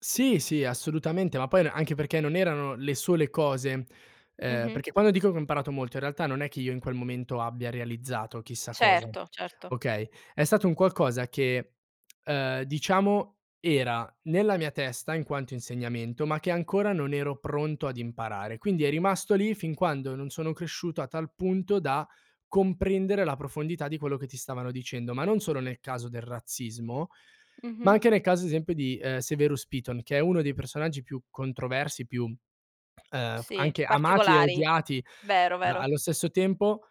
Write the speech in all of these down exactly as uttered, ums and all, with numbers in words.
Sì, sì, assolutamente, ma poi n anche perché non erano le sole cose, ehm, Mh-mh. perché quando dico che ho imparato molto in realtà non è che io in quel momento abbia realizzato chissà cosa. Certo, certo. Okay? È stato un qualcosa che, ehm, diciamo era nella mia testa in quanto insegnamento, ma che ancora non ero pronto ad imparare. Quindi è rimasto lì fin quando non sono cresciuto a tal punto da comprendere la profondità di quello che ti stavano dicendo, ma non solo nel caso del razzismo, ma Mh-mh. anche nel caso ad esempio di, ehm, Severus Piton, che è uno dei personaggi più controversi, più, ehm, f Sì, anche amati e particolari, odiati vero, a vero. allo stesso tempo.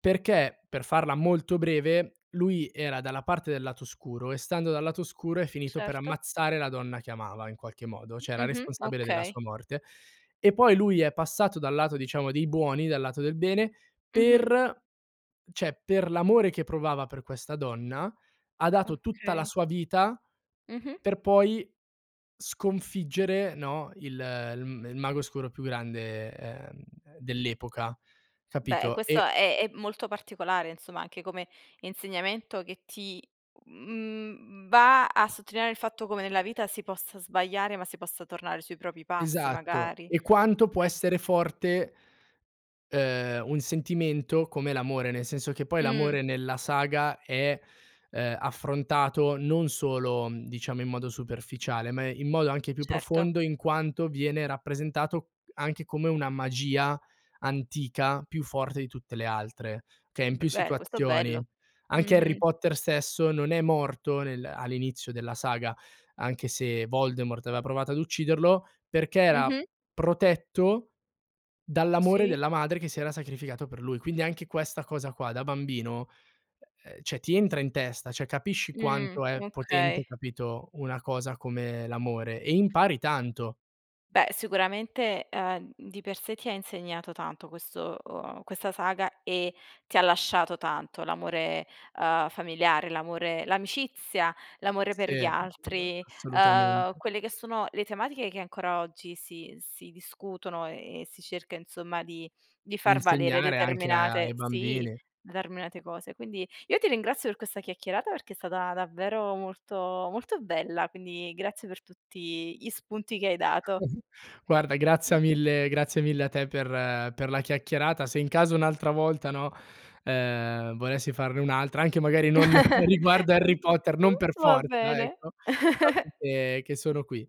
Perché per farla molto breve, lui era dalla parte del lato oscuro e stando dal lato oscuro è finito per Certo. ammazzare la donna che amava in qualche modo, cioè era Mh-mh, responsabile della okay. sua morte. E poi lui è passato dal lato diciamo dei buoni, dal lato del bene, Mh-mh. per ceh, per l'amore che provava per questa donna, ha dato tutta la Okay. sua vita Mh-mh. per poi sconfiggere, no, il il m il mago oscuro più grande, ehm, dell'epoca, Beh, e capito? questo E è è molto particolare insomma, anche come insegnamento che ti, mhmm, va a sottolineare il fatto come nella vita si possa sbagliare, ma si possa tornare sui propri passi Esatto. magari. E quanto può Vero. essere forte ehm, un sentimento come l'amore, nel senso che poi Mh. l'amore nella saga è, ehm, affrontato non solo, mhmm, diciamo in modo superficiale, ma in modo anche più Certo. profondo in quanto viene rappresentato anche come una magia antica più forte di tutte le altre, che è in B più beh, questo è bello. situazioni. Anche Harry Mh-mh. Potter stesso non è morto nel all'inizio della saga, anche se Voldemort aveva provato ad ucciderlo, perché era Mh-mh. protetto dall'amore Sì. della madre che si era sacrificata per lui. Quindi anche questa cosa qua da bambino, ehm, cioè ti entra in testa, cioè capisci Mhmm, quanto è potente okay. capito una cosa come l'amore e impari tanto. Beh, sicuramente, ehm, mhmm, di per sé ti ha insegnato tanto questo ehm, questa saga e ti ha lasciato tanto. L'amore, ehm, familiare, l'amore l'amicizia, l'amore per Sì, gli altri, ehm, assolutamente. quelle che sono le tematiche che ancora oggi si si discutono e e si cerca insomma di di far valere Insegnare anche a determinate ai sì, bambini. determinate cose. Quindi, io ti ringrazio per questa chiacchierata perché è stata davvero molto molto bella, quindi grazie per tutti gli spunti che hai dato. Mh-mh. Guarda, grazia mille grazie mille a te per per la chiacchierata. Se in caso un'altra volta, no, ehm, volessi farne un'altra, anche magari non riguardo Harry Potter, non per va forza, bene. ecco, sappi che che sono qui.